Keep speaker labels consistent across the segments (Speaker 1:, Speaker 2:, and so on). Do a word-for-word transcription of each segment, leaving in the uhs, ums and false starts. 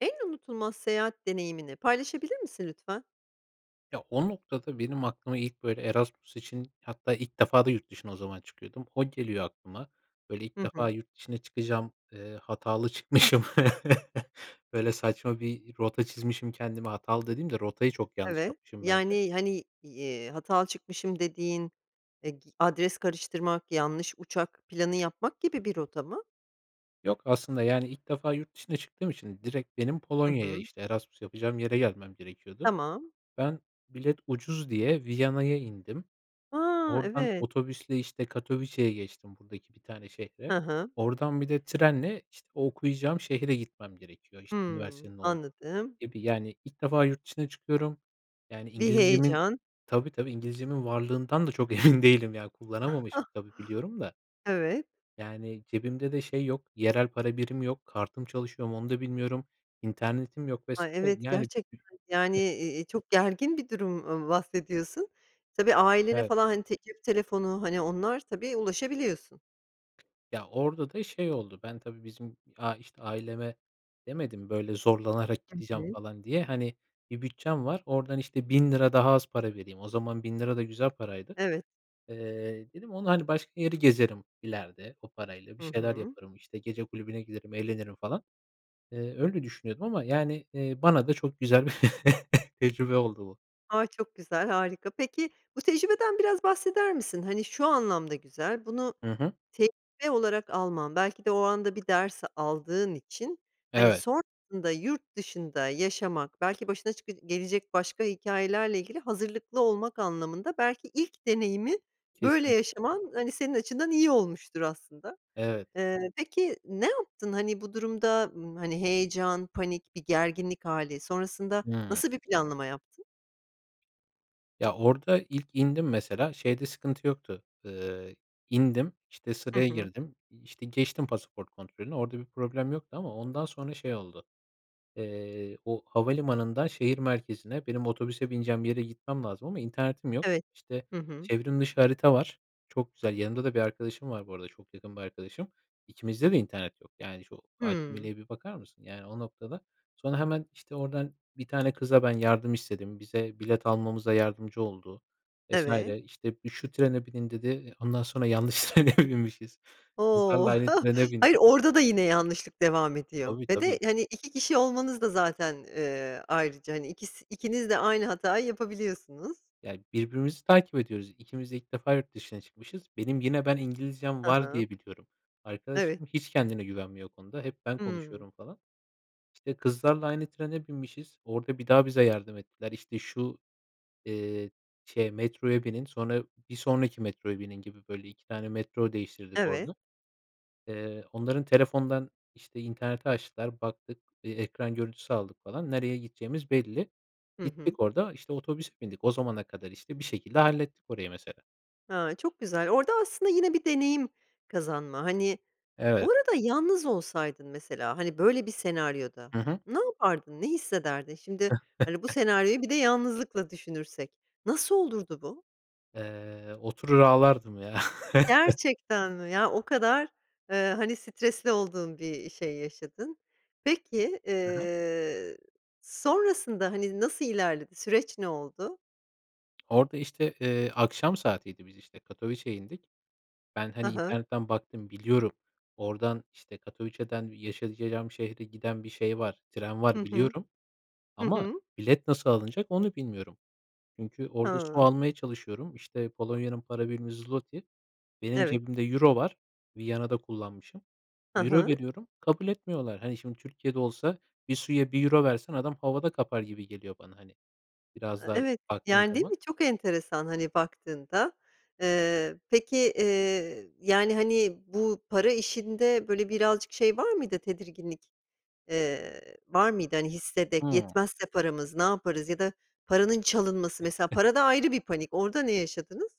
Speaker 1: En unutulmaz seyahat deneyimini paylaşabilir misin lütfen?
Speaker 2: Ya, o noktada benim aklıma ilk, böyle, Erasmus için hatta ilk defa da yurt dışına o zaman çıkıyordum. O geliyor aklıma. Böyle, ilk
Speaker 1: Hı
Speaker 2: defa
Speaker 1: hı.
Speaker 2: yurt dışına çıkacağım, eee, hatalı çıkmışım. Böyle, saçma bir rota çizmişim kendime, hatalı dediğim de rotayı çok yanlış
Speaker 1: Evet,
Speaker 2: yapmışım bence.
Speaker 1: yani, hani, i eee, hatalı çıkmışım dediğin, eee, g adres karıştırmak, yanlış uçak planı yapmak gibi bir rota mı?
Speaker 2: Yok, aslında, yani, ilk defa yurt dışına çıktığım için direkt benim
Speaker 1: Hı
Speaker 2: Polonya'ya,
Speaker 1: hı.
Speaker 2: işte, Erasmus yapacağım yere gelmem gerekiyordu.
Speaker 1: Tamam.
Speaker 2: Ben bilet ucuz diye Viyana'ya indim.
Speaker 1: A!
Speaker 2: Oradan
Speaker 1: Evet.
Speaker 2: otobüsle, işte, Katowice'ya geçtim buradaki bir tane şehre.
Speaker 1: Hı hı.
Speaker 2: Oradan bir de trenle, işte, o okuyacağım şehre gitmem gerekiyor. İşte,
Speaker 1: Hımm.
Speaker 2: üniversitenin ol
Speaker 1: Anladım.
Speaker 2: gibi, yani, ilk defa yurt dışına çıkıyorum. Yani,
Speaker 1: Bir
Speaker 2: İngilizcemin
Speaker 1: heyecan.
Speaker 2: Tabii, tabii. İngilizcemin varlığından da çok emin değilim, ya, kullanamamışım, tabii, biliyorum da
Speaker 1: Evet.
Speaker 2: yani, cebimde de şey yok, yerel para birimi yok, kartım çalışıyor mu, onu da bilmiyorum, internetim yok vs.
Speaker 1: Ay, evet,
Speaker 2: yani
Speaker 1: gerçekten, yani,
Speaker 2: [unintelligible]
Speaker 1: e e çok gergin bir durum ba bahsediyorsun. Tabii, ailene,
Speaker 2: Evet.
Speaker 1: falan, hani, te cep telefonu, hani, onlar, tabii, ulaşabiliyorsun.
Speaker 2: Ya, orada da şey oldu, ben tabii bizim a işte, aileme demedim, böyle, zorlanarak
Speaker 1: Hı
Speaker 2: gideceğim
Speaker 1: hı.
Speaker 2: falan diye. Hani, bir bütçem var, oradan, işte, bin lira daha az para vereyim. O zaman bin lira da güzel paraydı.
Speaker 1: Evet.
Speaker 2: Eee, dedim onunla, hani, başka yeri gezerim, ileride, o parayla bir
Speaker 1: Hı
Speaker 2: şeyler
Speaker 1: hı.
Speaker 2: yaparım, işte, gece kulübüne giderim, eğlenirim falan. Eee, öyle düşünüyordum ama, yani, eee, bana da çok güzel bir tecrübe oldu bu.
Speaker 1: A, çok güzel, harika. Peki, bu tecrübeden biraz bahseder misin? Hani, şu anlamda güzel, bunu
Speaker 2: Hı hı.
Speaker 1: tecrübe olarak alman, belki de o anda bir ders aldığın için, hani,
Speaker 2: Evet.
Speaker 1: sonrasında yurt dışında yaşamak, belki başına çıkı gelecek başka hikâyelerle ilgili hazırlıklı olmak anlamında belki ilk deneyimi böyle
Speaker 2: Kesinlikle.
Speaker 1: yaşaman, hani, senin açından iyi olmuştur aslında.
Speaker 2: Evet.
Speaker 1: Eee, peki, ne yaptın? Hani, bu durumda, ımm, hani, heyecan, panik, bir gerginlik hâli, sonrasında
Speaker 2: Hıı.
Speaker 1: nasıl bir planlama yaptın?
Speaker 2: Ya, orada ilk indim mesela, şeyde sıkıntı yoktu. Eee, indim. İşte,
Speaker 1: Hı
Speaker 2: sıraya
Speaker 1: hı.
Speaker 2: girdim. İşte, geçtim pasaport kontrolünü, orada bir problem yoktu ama ondan sonra şey oldu. Eee, o havalimanından şehir merkezine, benim otobüse bineceğim yere gitmem lazım ama internetim yok.
Speaker 1: Evet.
Speaker 2: İşte,
Speaker 1: Hı hı.
Speaker 2: çevrim dışı harita var, çok güzel. Yanımda da bir arkadaşım var bu arada, çok yakın bir arkadaşım. İkimizde de internet yok. Yani, şu
Speaker 1: Hıı.
Speaker 2: acemiliğe bir bakar mısın, yani, o noktada. Sonra hemen, işte, oradan bir tane kıza ben yardım istedim. Bize bilet almamıza yardımcı oldu vs.
Speaker 1: Evet.
Speaker 2: İşte, "Bir, şu trene binin." dedi. Eee, ondan sonra yanlış trene binmişiz. Kızlarla
Speaker 1: O!
Speaker 2: aynı trene
Speaker 1: Hayır,
Speaker 2: bindik.
Speaker 1: orada da yine yanlışlık devam ediyor.
Speaker 2: Tabii,
Speaker 1: Ve de,
Speaker 2: tabii.
Speaker 1: hani, iki kişi olmanız da zaten, eee, ayrıca, hani, ikisi ikiniz de aynı hatayı yapabiliyorsunuz.
Speaker 2: Ya, birbirimizi takip ediyoruz. İkimiz de ilk defa yurt dışına çıkmışız. Benim yine ben İngilizcem
Speaker 1: Hı
Speaker 2: var
Speaker 1: hı.
Speaker 2: diye biliyorum.
Speaker 1: [unintelligible]
Speaker 2: Arkadaşım hiç kendine güvenmiyor o konuda. Hep ben
Speaker 1: Hıı.
Speaker 2: konuşuyorum falan. İşte, kızlarla aynı trene binmişiz, orada bir daha bize yardım ettiler. İşte, "Şu, eee, şeye, metroya binin, sonra bir sonraki metroya binin." gibi, böyle, iki tane metro değiştirdik
Speaker 1: Evet.
Speaker 2: orada. Eee, onların telefonundan, işte, interneti açtılar, baktık. Eee, ekran görüntüsü aldık falan. Nereye gideceğimiz belli.
Speaker 1: Hı hı.
Speaker 2: Gittik orada, işte, otobüs bindik. O zamana kadar, işte, bir şekilde hallettik orayı mesela.
Speaker 1: Ha, çok güzel. Orada aslında yine bir deneyim kazanma, hani Bu
Speaker 2: Evet.
Speaker 1: arada yalnız olsaydın mesela, hani, böyle bir senaryoda
Speaker 2: Hı hı.
Speaker 1: ne yapardın, ne hissederdin? Şimdi, hani, bu senaryoyu bir de yalnızlıkla düşünürsek, nasıl olurdu bu?
Speaker 2: Eee, oturur ağlardım, ya.
Speaker 1: Gerçekten mi? Yani, o kadar, eee, hani, stresli olduğun bir şey yaşadın. Peki,
Speaker 2: Hı hı.
Speaker 1: eee, sonrasında, hani, nasıl ilerledi, süreç ne oldu?
Speaker 2: Orada işte, eee, akşam saatiydi biz işte, Katowice'ya indik. Ben,
Speaker 1: Hı
Speaker 2: hani,
Speaker 1: hı.
Speaker 2: internetten baktım biliyorum, oradan, işte, Katowice'dan yaşayacağım şehre giden bir şey var, tren
Speaker 1: Hı
Speaker 2: var
Speaker 1: hı.
Speaker 2: biliyorum.
Speaker 1: Hı
Speaker 2: Ama
Speaker 1: hı.
Speaker 2: bilet nasıl alınacak onu bilmiyorum. Çünkü orada su
Speaker 1: Hıı.
Speaker 2: almaya çalışıyorum. İşte, Polonya'nın para birimi zloty, benim
Speaker 1: Evet.
Speaker 2: cebimde euro var, Viyana'da kullanmışım.
Speaker 1: Hı
Speaker 2: Euro
Speaker 1: hı.
Speaker 2: veriyorum, kabul etmiyorlar. Hani, şimdi Türkiye'de olsa bir suya bir euro versen adam havada kapar gibi geliyor bana, hani,
Speaker 1: A
Speaker 2: biraz
Speaker 1: a,
Speaker 2: daha
Speaker 1: evet.
Speaker 2: baktığın
Speaker 1: Yani, değil
Speaker 2: zaman.
Speaker 1: mi? Çok enteresan, hani, baktığında, eee, peki, eee, yani, hani, bu para işinde, böyle, birazcık şey var mıydı, tedirginlik, eee, var mıydı? Hani, hissedek,
Speaker 2: Hımm.
Speaker 1: yetmezse paramız, ne yaparız ya da paranın çalınması, mesela para da ayrı bir panik, orada ne yaşadınız?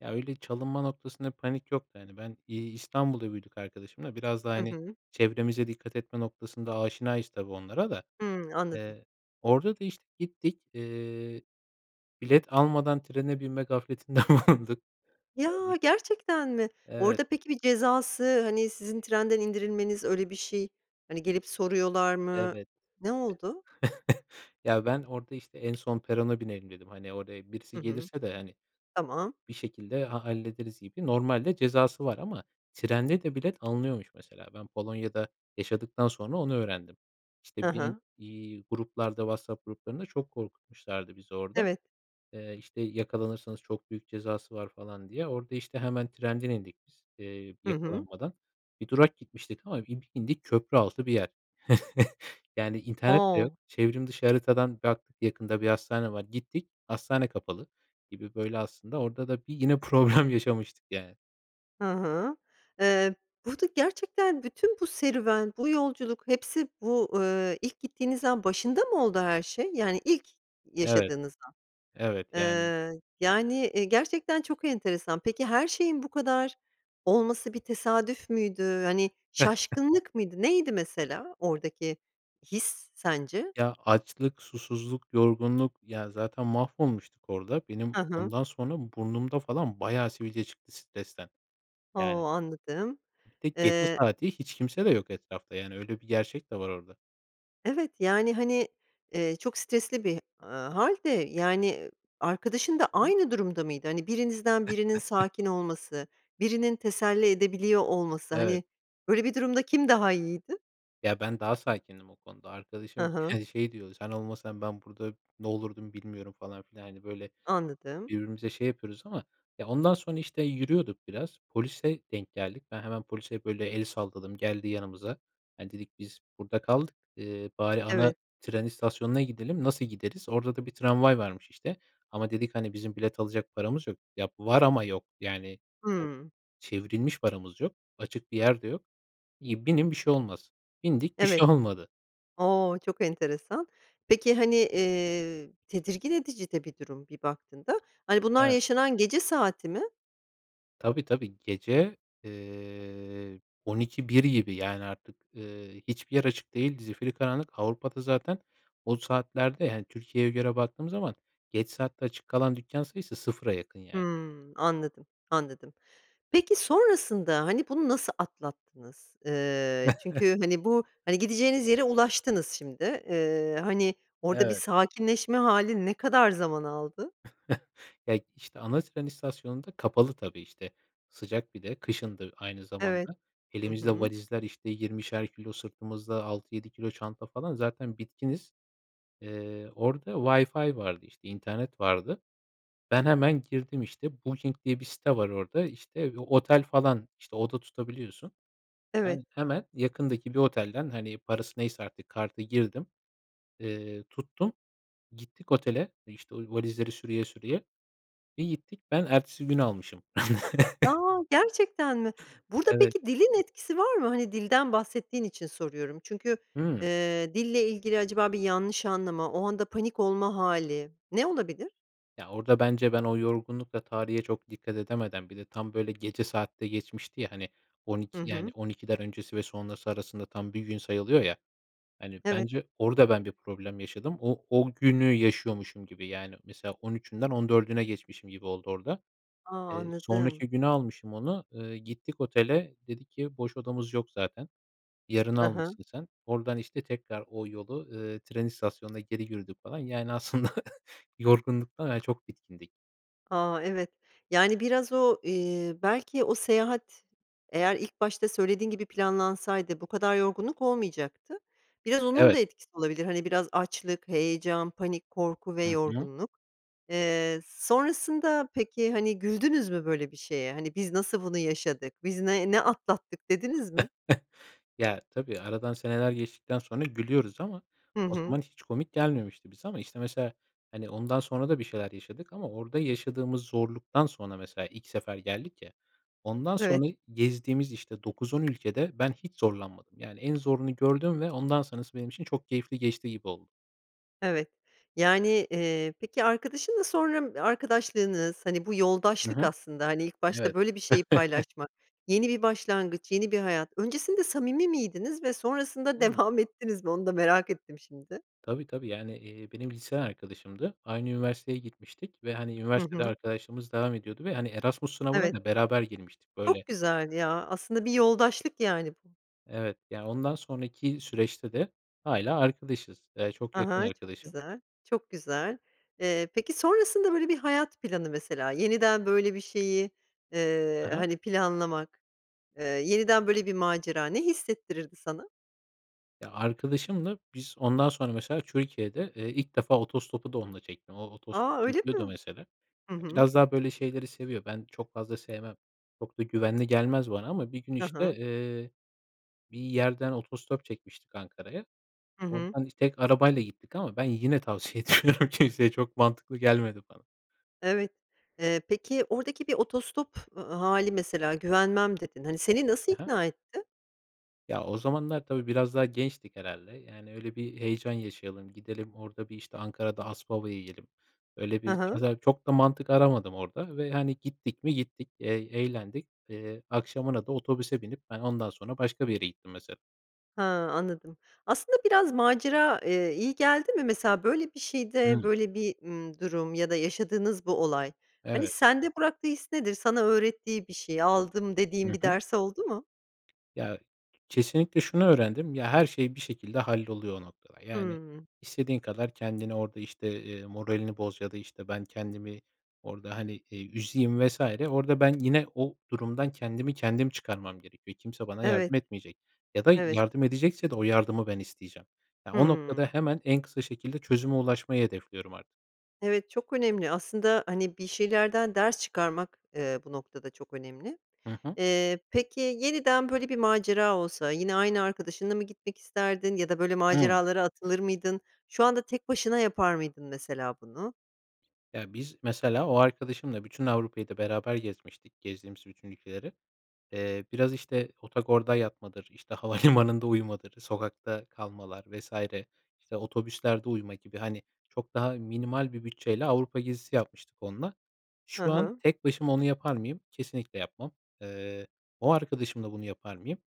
Speaker 2: Ya, öyle çalınma noktasında bir panik yoktu, hani. Ben, iii, İstanbul'da büyüdük arkadaşımla, biraz daha,
Speaker 1: Hı
Speaker 2: hani,
Speaker 1: hı.
Speaker 2: çevremize dikkat etme noktasında aşinayız tabii, onlara da.
Speaker 1: Hımm. Anladım.
Speaker 2: Iıı, orada da, işte, gittik, ııı, bilet almadan trene binme gafletinde bulunduk. Orada,
Speaker 1: Ya,
Speaker 2: iş
Speaker 1: gerçekten mi?
Speaker 2: Evet.
Speaker 1: Orada peki, bir cezası, hani, sizin trenden indirilmeniz, öyle bir şey, hani, gelip soruyorlar mı,
Speaker 2: Evet.
Speaker 1: ne oldu?
Speaker 2: Ya, ben orada, işte, "En son perona binelim." dedim. Hani, oraya birisi
Speaker 1: Hı hı.
Speaker 2: gelirse de, hani, eee,
Speaker 1: Tamam.
Speaker 2: bir şekilde, ha hallederiz gibi. Normalde cezası var ama trende de bilet alınıyormuş mesela. Ben Polonya'da yaşadıktan sonra onu öğrendim.
Speaker 1: Hı
Speaker 2: İşte, binin,
Speaker 1: hı.
Speaker 2: iii, gruplarda, WhatsApp gruplarında çok korkutmuşlardı bizi orada.
Speaker 1: Evet.
Speaker 2: Eee, işte, yakalanırsanız çok büyük cezası var falan, diye. Orada, işte, hemen trenden indik biz, ııı,
Speaker 1: Hı hı.
Speaker 2: yakalanmadan. Bir durak gitmiştik ama bir indik köprü altı bir yer. Yani, internet de yok.
Speaker 1: O!
Speaker 2: Çevrim dışı haritadan baktık, yakında bir hastane var. Gittik, hastane kapalı gibi, böyle, aslında, orada da yine problem yaşamıştık yani.
Speaker 1: Hı hı. Eee, burada gerçekten bütün bu serüven, bu yolculuk hepsi bu, ııı, ilk gittiğiniz an başında mı oldu her şey, yani ilk
Speaker 2: Evet,
Speaker 1: yaşadığınız an?
Speaker 2: evet. Yani
Speaker 1: Iıı, yani, eee, gerçekten çok enteresan. Peki, her şeyin bu kadar olması bir tesadüf müydü? Hani, şaşkınlık mıydı? Neydi mesela oradaki his sence?
Speaker 2: Ya, açlık, susuzluk, yorgunluk. Ya, zaten mahvolmuştuk orada. Benim
Speaker 1: Hı hı.
Speaker 2: ondan sonra burnumda falan bayağı sivilce çıktı stresten,
Speaker 1: O!
Speaker 2: yani.
Speaker 1: Anladım.
Speaker 2: Bir de gece
Speaker 1: Eee
Speaker 2: saati, hiç kimse de yok etrafta yani, öyle bir gerçek de var orada.
Speaker 1: Evet, yani, hani, eee, çok stresli bir, ııı, hâl de, yani, eee, arkadaşın da
Speaker 2: Hı hı.
Speaker 1: aynı durumda mıydı? Hani, birinizden birinin sakin olması, birinin teselli edebiliyor olması,
Speaker 2: Evet.
Speaker 1: hani, böyle bir durumda kim daha iyiydi?
Speaker 2: Ya, ben, daha sakindim o konuda.
Speaker 1: Hı
Speaker 2: Arkadaşım,
Speaker 1: hı.
Speaker 2: yani, şey diyordu, "Sen olmasan ben burada ne olurdum bilmiyorum." falan filan. Hani, böyle,
Speaker 1: Anladım.
Speaker 2: birbirimize şey yapıyoruz ama ya ondan sonra, işte, yürüyorduk biraz, polise denk geldik. Ben, hemen polise böyle el salladım, geldi yanımıza. Hani, dedik, "Biz burada kaldık, ııı, bari ana
Speaker 1: Evet.
Speaker 2: tren istasyonuna gidelim, nasıl gideriz?" Orada da bir tramvay varmış, işte, ama dedik, "Hani, bizim bilet alacak paramız yok. Ya, var ama yok. Yani, o
Speaker 1: Hıı.
Speaker 2: çevrilmiş paramız yok, açık bir yer de yok." İii, "Binin bir şey olmaz." Bindik, bir
Speaker 1: Evet.
Speaker 2: şey olmadı.
Speaker 1: O! Çok enteresan. Peki, hani, eee, tedirgin edici de bir durum bir baktığında. Hani, bunlar,
Speaker 2: Evet.
Speaker 1: yaşanan gece saati mi?
Speaker 2: Tabii, tabii. Gece, eee, on iki bir gibi, yani, artık, ııı, hiçbir yer açık değil. Zifiri karanlık. Avrupa'da zaten o saatlerde, hani, Türkiye'ye göre baktığımız zaman geç saatte açık kalan dükkân sayısı sıfıra yakın yani.
Speaker 1: Hımm, anladım, anladım. Peki, sonrasında, hani, bunu nasıl atlattınız? Iıı, çünkü, hani, bu, hani, gideceğiniz yere ulaştınız şimdi, ııı, hani, orada bir
Speaker 2: Evet.
Speaker 1: sakinleşme hâli ne kadar zaman aldı?
Speaker 2: Ya, işte, ana tren istasyonu da kapalı tabii, işte, sıcak bir de, kışındı aynı
Speaker 1: Evet,
Speaker 2: zamanda.
Speaker 1: hı
Speaker 2: Elimizde
Speaker 1: hı.
Speaker 2: valizler, işte, yirmişer kilo, sırtımızda altı yedi kilo çanta falan, zaten bitkiniz. Eee, orada Wi-Fi vardı, işte, internet vardı. Ben, hemen girdim, işte, Booking diye bir site var orada, işte, otel falan, işte, oda tutabiliyorsun.
Speaker 1: Evet.
Speaker 2: Ben, hemen yakındaki bir otelden, hani, parası neyse artık kartı girdim, eee, tuttum. Gittik otele, işte, o valizleri sürüye sürüye. Bir gittik, ben ertesi güne almışım.
Speaker 1: A! Gerçekten mi? Burada
Speaker 2: Evet.
Speaker 1: peki, dilin etkisi var mı? Hani, dilden bahsettiğin için soruyorum. Çünkü,
Speaker 2: Hıı.
Speaker 1: ııı, dille ilgili acaba bir yanlış anlama, o anda panik olma hâli, ne olabilir?
Speaker 2: Ya, orada bence ben o yorgunlukla tarihe çok dikkat edemeden, bir de tam, böyle, gece saat de geçmişti ya, hani, on
Speaker 1: Hı
Speaker 2: iki yani,
Speaker 1: hı.
Speaker 2: on ikiden öncesi ve sonrası arasında tam bir gün sayılıyor ya. Hani,
Speaker 1: Evet.
Speaker 2: bence orada ben bir problem yaşadım. O o günü yaşıyormuşum gibi, yani, mesela on üçünden on dördüne geçmişim gibi oldu orada.
Speaker 1: A!
Speaker 2: Eee,
Speaker 1: Anladım.
Speaker 2: sonraki güne almışım onu, eee, gittik otele, dedi ki, "Boş odamız yok zaten. Yarına
Speaker 1: Hı hı.
Speaker 2: almışsın sen." Oradan, işte, tekrar o yolu, ııı, tren istasyonuna geri yürüdük falan. Yani, aslında yorgunluktan, hani, çok bitkindik.
Speaker 1: A! Evet. Yani, biraz o, eee, belki o seyahat eğer ilk başta söylediğin gibi planlansaydı bu kadar yorgunluk olmayacaktı. Biraz onun da
Speaker 2: Evet.
Speaker 1: etkisi olabilir, hani, biraz açlık, heyecan, panik, korku ve
Speaker 2: Hı hı.
Speaker 1: yorgunluk. Eee, sonrasında peki, hani, güldünüz mü böyle bir şeye? Hani, "Biz nasıl bunu yaşadık? Biz ne ne atlattık?" dediniz mi?
Speaker 2: Ya, tabii aradan seneler geçtikten sonra gülüyoruz ama
Speaker 1: Hı
Speaker 2: o
Speaker 1: hı.
Speaker 2: zaman hiç komik gelmemişti bize. Ama, işte, mesela, hani, ondan sonra da bir şeyler yaşadık ama orada yaşadığımız zorluktan sonra mesela ilk sefer geldik ya, ondan
Speaker 1: Evet.
Speaker 2: sonra gezdiğimiz, işte, dokuz on ülkede ben hiç zorlanmadım. Yani, en zorunu gördüm ve ondan sonrası benim için çok keyifli geçti gibi oldu.
Speaker 1: Evet. Yani, eee, peki arkadaşınla sonra, ımm, arkadaşlığınız, hani, bu
Speaker 2: Hı
Speaker 1: yoldaşlık
Speaker 2: hı.
Speaker 1: aslında. Hani, ilk başta
Speaker 2: Evet.
Speaker 1: böyle bir şeyi paylaşmak, yeni bir başlangıç, yeni bir hayat. Öncesinde samimi miydiniz ve sonrasında
Speaker 2: [unintelligible]
Speaker 1: devam ettiniz mi? Onu da merak ettim şimdi.
Speaker 2: Tabii, tabii, yani, eee, benim liseden arkadaşımdı. Aynı üniversiteye gitmiştik ve, hani,
Speaker 1: Hı
Speaker 2: üniversitede
Speaker 1: hı.
Speaker 2: arkadaşlığımız devam ediyordu ve, hani, Erasmus sınavına
Speaker 1: Evet.
Speaker 2: da beraber girmiştik. Böyle
Speaker 1: Çok güzel ya. Aslında bir yoldaşlık yani bu.
Speaker 2: Evet. Yani, ondan sonraki süreçte de hâlâ arkadaşız. Eee, çok
Speaker 1: Ha
Speaker 2: yakın
Speaker 1: ha, çok
Speaker 2: arkadaşım.
Speaker 1: güzel, çok güzel. Eee, peki sonrasında, böyle, bir hayat planı mesela, yeniden böyle bir şeyi,
Speaker 2: Hı
Speaker 1: eee,
Speaker 2: hı.
Speaker 1: hani, planlamak, eee, yeniden böyle bir macera ne hissettirirdi sana?
Speaker 2: Ya, arkadaşımla biz ondan sonra, mesela, Türkiye'de, eee, ilk defa otostopu da onunla çektim, o
Speaker 1: A,
Speaker 2: otostop
Speaker 1: öyle
Speaker 2: çekiyordu
Speaker 1: mi?
Speaker 2: mesela.
Speaker 1: Hı
Speaker 2: Eee,
Speaker 1: hı.
Speaker 2: biraz daha, böyle, şeyleri seviyor. Ben çok fazla sevmem. Çok da güvenli gelmez bana ama bir gün,
Speaker 1: Hı
Speaker 2: işte,
Speaker 1: hı.
Speaker 2: eee, bir yerden otostop çekmiştik Ankara'ya.
Speaker 1: Hı hı.
Speaker 2: Oradan biz tek arabayla gittik ama ben yine tavsiye etmiyorum kimseye çok mantıklı gelmedi bana.
Speaker 1: Evet. Eee, peki, oradaki bir otostop ı hâli mesela, güvenmem dedin, hani, seni nasıl
Speaker 2: Hı hı.
Speaker 1: ikna etti?
Speaker 2: Ya, o zamanlar, tabii, biraz daha gençtik herhâlde, yani, "Öyle bir heyecan yaşayalım, gidelim orada, bir, işte, Ankara'da ASPAVA yiyelim." Öyle
Speaker 1: Hı
Speaker 2: bir,
Speaker 1: hı.
Speaker 2: mesela, çok da mantık aramadım orada ve, hani, gittik mi? Gittik e eğlendik. Eee, akşamına da otobüse binip, ben ondan sonra başka bir yere gittim mesela.
Speaker 1: Ha, anladım. Aslında, biraz macera, eee, iyi geldi mi? Mesela, böyle, bir şeyde,
Speaker 2: Hımm.
Speaker 1: böyle, bir, ımm, durum ya da yaşadığınız bu olay, hani,
Speaker 2: Evet.
Speaker 1: sende bıraktığı his nedir? Sana öğrettiği bir şey, aldım,
Speaker 2: Hı
Speaker 1: dediğin bir
Speaker 2: hı.
Speaker 1: ders oldu mu?
Speaker 2: Ya, kesinlikle şunu öğrendim: Ya, her şey bir şekilde halloluyor o noktada. Yani,
Speaker 1: Hımm.
Speaker 2: istediğin kadar kendini orada, işte, eee, moralini boz ya da, işte, ben kendimi orada, hani, eee, üzeyim vs. orada ben yine o durumdan kendimi kendim çıkarmam gerekiyor. Kimse bana
Speaker 1: Evet.
Speaker 2: yardım etmeyecek ya da
Speaker 1: Evet.
Speaker 2: yardım edecekse de o yardımı ben isteyeceğim. Ya, o noktada
Speaker 1: Hımm.
Speaker 2: hemen en kısa şekilde çözüme ulaşmayı hedefliyorum artık.
Speaker 1: Evet, çok önemli. Aslında, hani, bir şeylerden ders çıkarmak, eee, bu noktada çok önemli.
Speaker 2: Hı hı.
Speaker 1: Eee, peki, yeniden böyle bir macera olsa yine aynı arkadaşınla mı gitmek isterdin ya da böyle
Speaker 2: Hıı.
Speaker 1: maceralara atılır mıydın? Şu anda tek başına yapar mıydın mesela bunu?
Speaker 2: Ya, biz mesela o arkadaşımla bütün Avrupa'yı da beraber gezmiştik, gezdiğimiz bütün ülkeleri. Eee, biraz, işte, otogorda yatmadır, işte, havalimanında uyumadır, sokakta kalmalar vs. İşte, otobüslerde uyuma gibi, hani, çok daha minimal bir bütçeyle Avrupa gezisi yapmıştık onunla.
Speaker 1: Hı
Speaker 2: Şu an
Speaker 1: hı.
Speaker 2: tek başıma onu yapar mıyım? Kesinlikle yapmam. Eee, o arkadaşımla bunu yapar mıyım?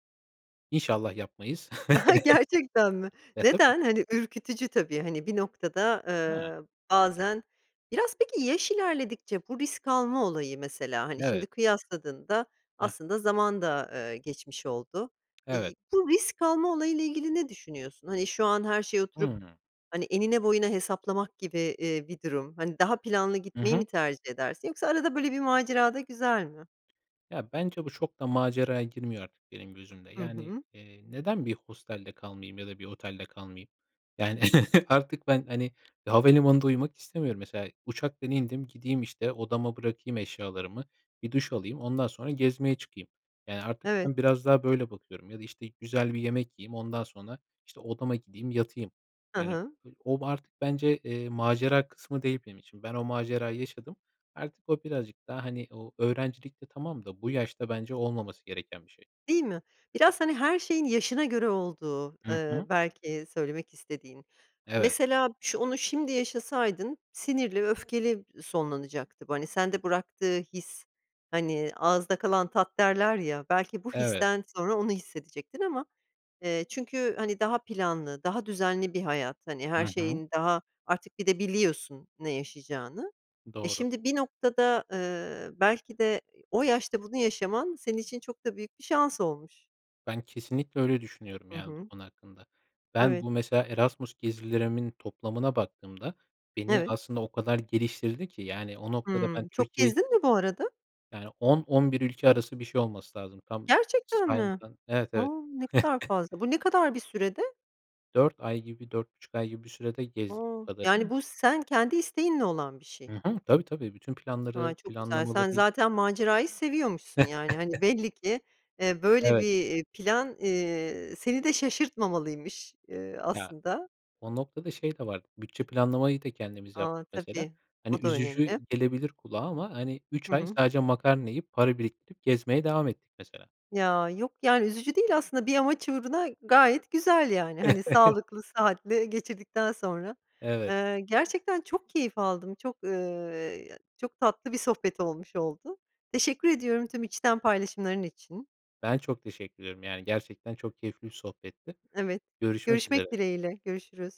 Speaker 2: İnşallah yapmayız.
Speaker 1: Gerçekten mi?
Speaker 2: E, tabii
Speaker 1: Neden? Hani, ürkütücü tabii, hani, bir noktada,
Speaker 2: He.
Speaker 1: eee, bazen Biraz peki, yaş ilerledikçe bu risk alma olayı, mesela, hani, şimdi
Speaker 2: Evet.
Speaker 1: kıyasladığında
Speaker 2: Hah.
Speaker 1: aslında zaman da, eee, geçmiş oldu. İii,
Speaker 2: Evet.
Speaker 1: bu risk alma olayıyla ilgili ne düşünüyorsun? Hani, şu an her şeye oturup,
Speaker 2: Hıı.
Speaker 1: hani, enine, boyuna hesaplamak gibi, eee, bir durum, hani, daha planlı
Speaker 2: Hı
Speaker 1: gitmeyi mi
Speaker 2: hı.
Speaker 1: tercih edersin yoksa arada böyle bir macera da güzel mi?
Speaker 2: Ya, bence bu çok da maceraya girmiyor artık benim gözümde.
Speaker 1: Hı
Speaker 2: Yani,
Speaker 1: hı.
Speaker 2: eee, neden bir hostelde kalmayayım ya da bir otelde kalmayayım? Yani, artık ben, hani, havalimanında uyumak istemiyorum. Mesela, uçaktan indim, gideyim, işte, odama bırakayım eşyalarımı, bir duş alayım, ondan sonra gezmeye çıkayım. Yani, artık
Speaker 1: Evet.
Speaker 2: ben biraz daha böyle bakıyorum ya da, işte, güzel bir yemek yiyeyim, ondan sonra, işte, odama gideyim, yatayım.
Speaker 1: Hı
Speaker 2: Yani,
Speaker 1: hı.
Speaker 2: o ba artık bence, eee, macera kısmı değil benim için. Ben o macerayı yaşadım, artık o birazcık daha, hani, o öğrencilikte tamam da bu yaşta bence olmaması gereken bir şey.
Speaker 1: Değil mi? Biraz, hani, her şeyin yaşına göre olduğu,
Speaker 2: Hı
Speaker 1: eee,
Speaker 2: hı.
Speaker 1: belki söylemek istediğin.
Speaker 2: Evet.
Speaker 1: Mesela, şo onu şimdi yaşasaydın, sinirli, öfkeli sonlanacaktı bu, hani, sende bıraktığı his, hani, "ağızda kalan tat" derler ya, belki bu
Speaker 2: Evet.
Speaker 1: histen sonra onu hissedecektin ama, eee, çünkü, hani, daha planlı, daha düzenli bir hayat, hani, her
Speaker 2: Hı hı.
Speaker 1: şeyin daha, artık bir de biliyorsun ne yaşayacağını. Eee,
Speaker 2: Doğru.
Speaker 1: şimdi bir noktada, eee, belki de o yaşta bunu yaşaman senin için çok da büyük bir şans olmuş.
Speaker 2: Ben kesinlikle öyle düşünüyorum,
Speaker 1: Hı
Speaker 2: yani, bu
Speaker 1: hı.
Speaker 2: konu hakkında. Ben,
Speaker 1: Evet.
Speaker 2: bu mesela Erasmus gezilerimin toplamına baktığımda, beni
Speaker 1: Evet.
Speaker 2: aslında o kadar geliştirdi ki, yani, o noktada ben
Speaker 1: Hımm, çok
Speaker 2: Türkiye
Speaker 1: gezdin mi bu arada?
Speaker 2: Yani, on on bir ülke arası bir şey olması lazım, tam
Speaker 1: Gerçekten mi?
Speaker 2: saymadım. Evet,
Speaker 1: A,
Speaker 2: evet.
Speaker 1: ne kadar fazla, bu ne kadar bir sürede?
Speaker 2: dört ay gibi dört buçuk ay gibi bir sürede gezdik
Speaker 1: A,
Speaker 2: bu kadarını
Speaker 1: yani,
Speaker 2: ama
Speaker 1: bu sen kendi isteğinle olan bir şey.
Speaker 2: Hı hı. Tabii, tabii, bütün
Speaker 1: Ha,
Speaker 2: planları,
Speaker 1: çok güzel.
Speaker 2: planlamaları
Speaker 1: Sen
Speaker 2: i
Speaker 1: zaten macerayı seviyormuşsun yani, hani, belli ki, ııı, böyle bir,
Speaker 2: Evet.
Speaker 1: eee, plan, eee, seni de şaşırtmamalıymış, eee,
Speaker 2: Ya,
Speaker 1: aslında.
Speaker 2: o noktada şey de vardı, bütçe planlamayı da kendimiz
Speaker 1: A,
Speaker 2: yaptık mesela.
Speaker 1: tabii,
Speaker 2: Hani,
Speaker 1: o da
Speaker 2: üzücü
Speaker 1: önemli.
Speaker 2: gelebilir kulağa ama, hani,
Speaker 1: Hı
Speaker 2: üç ay
Speaker 1: hı.
Speaker 2: sadece makarna yiyip, para biriktirip gezmeye devam ettik mesela.
Speaker 1: Ya, yok, yani, üzücü değil aslında bir amaç uğruna gayet güzel, yani, hani, sağlıklı, sıhhatli geçirdikten sonra.
Speaker 2: Evet.
Speaker 1: Iıı, gerçekten çok keyif aldım, çok, ııı, çok tatlı bir sohbet olmuş oldu. Teşekkür ediyorum tüm içten paylaşımların için.
Speaker 2: Ben çok teşekkür ediyorum. Yani, gerçekten çok keyifli bir sohbetti.
Speaker 1: Evet,
Speaker 2: Görüşmek
Speaker 1: görüşmek
Speaker 2: üzere.
Speaker 1: dileğiyle, görüşürüz.